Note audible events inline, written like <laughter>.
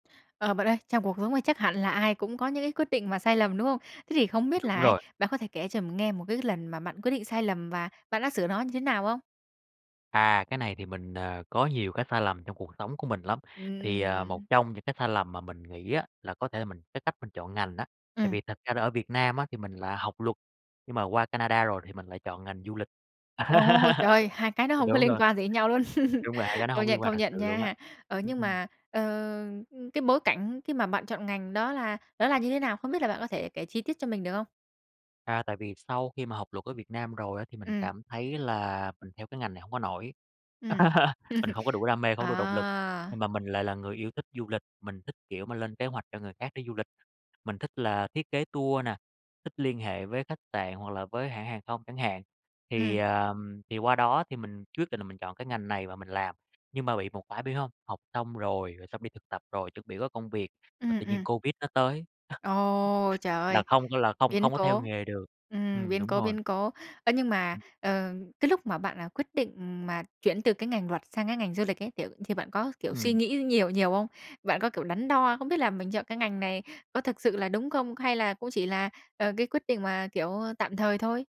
Ờ, bạn ơi, trong cuộc sống này chắc hẳn là ai cũng có những cái quyết định mà sai lầm, đúng không? Thế thì không biết Đúng là ấy rồi. bạn có thể kể cho mình nghe một cái lần mà bạn quyết định sai lầm và bạn đã sửa nó như thế nào không? À, cái này thì mình, ờ, có nhiều cái sai lầm trong cuộc sống của mình lắm, Ừm, thì, ừm, à, ừm. một trong những cái sai lầm mà mình nghĩ á, là có thể là mình cái cách mình chọn ngành á. Tại Ừm. vì thật ra là ở Việt Nam á thì mình là học luật, nhưng mà qua Canada rồi thì mình lại chọn ngành du lịch. Ồ, trời <laughs> ơi! Hai cái nó hông có Đúng liên rồi. quan gì đến nhau luôn. <laughs> Đúng là hai cái nó Công hổng nhận, liên quan công thật nhận sự luôn á. nha! Ờ, Ừm, nhưng ừm. mà, ờ, cái bối cảnh khi mà bạn chọn ngành đó là đó là như thế nào? Không biết là bạn có thể kể chi tiết cho mình được không? À, tại vì sau khi mà học luật ở Việt Nam rồi á, thì mình Ừm. cảm thấy là mình theo cái ngành này hông có nổi. Ừm. <laughs> Mình không có đủ <laughs> đam mê, không có đủ động lực, nhưng À. mà mình lại là người yêu thích du lịch, mình thích, kiểu mà, lên kế hoạch cho người khác đi du lịch, mình thích là thiết kế tour nè, thích liên hệ với khách sạn hoặc là với hãng hàng không chẳng hạn. Thì, Ừm. ờ, thì qua đó thì mình quyết định là mình chọn cái ngành này và mình làm, nhưng mà bị một cái biết hông, học xong rồi, rồi xong đi thực tập rồi, chuẩn bị có công việc và Ừm, tự nhiên ừm. Covid nó tới, Ồ, trời ơi, là không có là không biến không có theo cố! nghề được. Ừm, Ừm, biến đúng cố, rồi biến cố. Ơ, nhưng mà, Ừm. ờ, cái lúc mà bạn là quyết định mà chuyển từ cái ngành luật sang cái ngành du lịch ấy, kiểu, thì bạn có, kiểu, suy Ừm. nghĩ nhiều nhiều không? Bạn có, kiểu, đắn đo, không biết là mình chọn cái ngành này có thực sự là đúng không? Hay là cũng chỉ là, ờ, cái quyết định mà, kiểu, tạm thời thôi?